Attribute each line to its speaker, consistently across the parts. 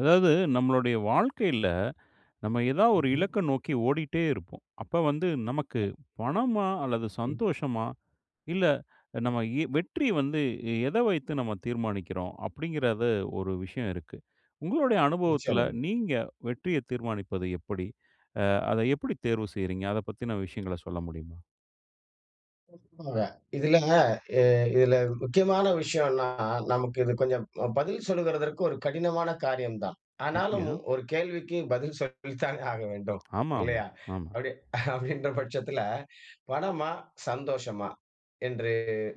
Speaker 1: அதாவது நம்மளுடைய வாழ்க்கையில, நம்ம ஏதாவது ஒரு
Speaker 2: ம்ஹும்.
Speaker 1: இலக்க நோக்கி ஓடிட்டே இருப்போம். அப்ப வந்து நமக்கு
Speaker 2: ம்.
Speaker 1: பணமா அல்லது
Speaker 2: எஹ்.
Speaker 1: சந்தோஷமா இல்ல நம்ம இ வெற்றி வந்து எ எத வைத்து நம்ம தீர்மானிக்கிறோம் அப்பிடிங்கிறத ஒரு விஷயம் இருக்கு. உங்களுடைய அனுபவத்தில
Speaker 2: நிச்சயமாங்க.
Speaker 1: நீங்க வெற்றியத் தீர்மானிப்பது எப்படி? அ அத எப்பிடி தேர்வு செய்றீங்க? அத பத்தின விஷயங்கள சொல்ல முடியுமா?
Speaker 2: [unintelligible] இதில அ இதில முக்கியமான விஷயோன்னா நமக்கு இது கொஞ்சம் அ பதில் சொல்வதற்கு ஒரு கடினமான காரியம் தான். ஆனாலும்
Speaker 1: அப்பிடியா?
Speaker 2: ஒரு கேள்விக்கு பதில் சொல்லித்தானே ஆகவேண்டும்.
Speaker 1: ஆமா, ஆமா,
Speaker 2: இல்லையா!
Speaker 1: ஆமா.
Speaker 2: அப்பிடியே அப்பிடின்ற பட்சத்தில பணமா? சந்தோஷமா? என்று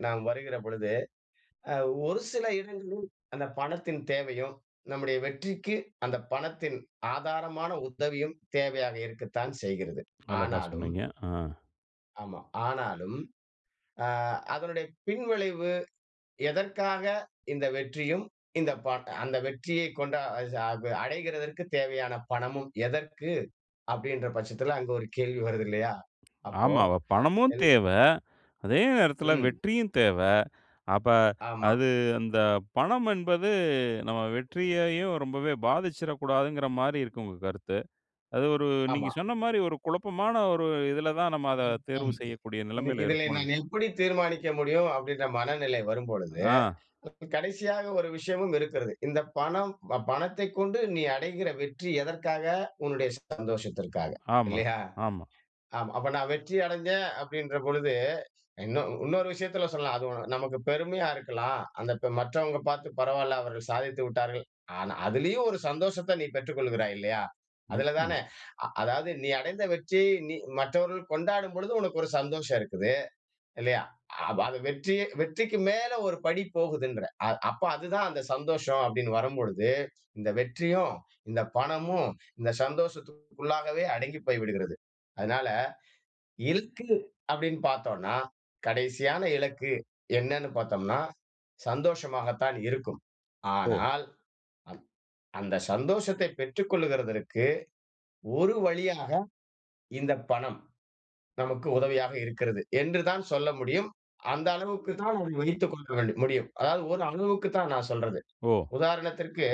Speaker 2: நாம் வருகிற பொழுது, அ ஒரு சில இடங்களில் அந்த பணத்தின் தேவையும் நம்முடைய வெற்றிக்கு அந்த பணத்தின் ஆதாரமான உதவியும் தேவையாக இருக்கத்தான் செய்கிறது.
Speaker 1: அழகா
Speaker 2: ஆனாலும்
Speaker 1: சொன்னீங்க. ஆ.
Speaker 2: ஆமா. ஆனாலும் ஆ, அதனுடைய பின்விளைவு எதற்காக இந்த வெற்றியும் இந்த பாட் அந்த வெற்றியை கொண்டா அ அடைகிறதற்கு தேவையான பணமும் எதற்கு அப்பிடின்ற பட்சத்தில, அங்க ஒரு கேள்வி வருது இல்லயா! அப்போ
Speaker 1: ஆமா.அ பணமும்
Speaker 2: எல்
Speaker 1: தேவ. அதே நேரத்தில
Speaker 2: ம்.
Speaker 1: வெற்றியும் தேவ. அப்ப
Speaker 2: ஆமா.
Speaker 1: அது அந்த பணம் என்பது நம்ம வெற்றியையும் ரொம்பவே பாதிச்சுரக்கூடாதுங்கிற மாரி இருக்கு உங்க கருத்து. அது ஒரு நீங்க
Speaker 2: ஆமா.
Speaker 1: சொன்ன மாரி, ஒரு குழப்பமான ஒரு இதில தான் நாம அத
Speaker 2: [unintelligible]
Speaker 1: தேர்வு செய்யக்கூடிய
Speaker 2: இந்
Speaker 1: நெலமையில
Speaker 2: இதில
Speaker 1: இருக்கோம்.
Speaker 2: நான் எப்பிடி தீர்மானிக்க முடியும் அப்பிடின்ற மனநிலை வரும்பொழுது,
Speaker 1: ஆ.
Speaker 2: இப்ப கடைசியாக ஒரு விஷயமும் இருக்கிறது. இந்த பணம் ப பணத்தைக் கொண்டு நீ அடைகிற வெற்றி எதற்காக உன்னுடைய சந்தோஷத்திற்காக
Speaker 1: ஆமா,
Speaker 2: இல்லயா!
Speaker 1: ஆமா.
Speaker 2: ஆமா அப்ப நான் வெற்றி அடஞ்சேன் அப்பிடின்ற பொழுது இன்னு இன்னொரு விஷயத்தில சொல்லலாம். அது உன நமக்கு பெருமையா இருக்கலாம். அந்த இப்ப மற்றவங்க பார்த்து பரவாயில்ல அவர்கள் சாதித்து விட்டார்கள். ஆனா, அதிலயும் ஒரு சந்தோஷத்த நீ பெற்றுக்கொள்கிறாய் இல்லயா! அதில தானே
Speaker 1: நிச்சயமா.
Speaker 2: அ அதாவது நீ அடைந்த வெற்றி நீ மற்றவர்கள் கொண்டாடும் பொழுது உனக்கு ஒரு சந்தோஷம் இருக்குது. இல்லயா! அ வ அது வெற்றி, வெற்றிக்கு மேலே ஒரு படி போகுதுன்ற அ அப்ப அது தான் அந்த சந்தோஷம் அப்பிடின்னு வரும்பொழுது, இந்த வெற்றியும், இந்த பணமும் இந்த சந்தோஷத்திற்குள்ளாகவே அடங்கி போய்விடுகிறது. அதனால, இலக்கு அப்பிடின்னு பார்த்தோன்னா, கடைசியான இலக்கு என்னனு பார்த்தம்னா, சந்தோஷமாக தான் இருக்கும்.
Speaker 1: ஓ!
Speaker 2: ஆனால், அ அந்த சந்தோஷத்தை பெற்றுக் கொள்வதற்கு ஒரு வழியாக, இந்த பணம் நமக்கு உதவியாக இருக்கிறது என்று தான் சொல்ல முடியும். அந்த அளவுக்கு தான் அதை வைத்துக்கொள்ள வேண்டும் முடியும். அதாவது ஒரு அளவுக்கு தான் நான் சொல்றது.
Speaker 1: ஓ!
Speaker 2: உதாரணத்திற்கு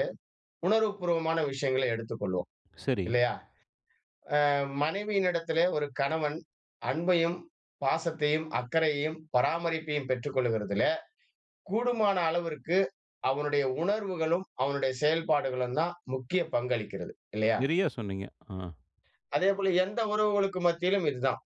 Speaker 2: உணர்வு பூர்வமான விஷயங்களை எடுத்துக் கொள்வோம்.
Speaker 1: சரி.
Speaker 2: இல்லயா! அ மனைவியினிடத்திலே ஒரு கணவன் அன்பையும், பாசத்தையும், அக்கறையையும், பராமரிப்பையும் பெற்றுக் கொள்கிறதிலே கூடுமான அளவிற்கு அவனுடைய உணர்வுகளும், அவனுடைய செயல்பாடுகளும் தான் முக்கிய பங்களிக்கிறது. இல்லயா?
Speaker 1: நிறையா சொன்னீங்க. ஆ.
Speaker 2: அதே போல எந்த உறவுகளுக்கு மத்தியிலும் இதுதான்.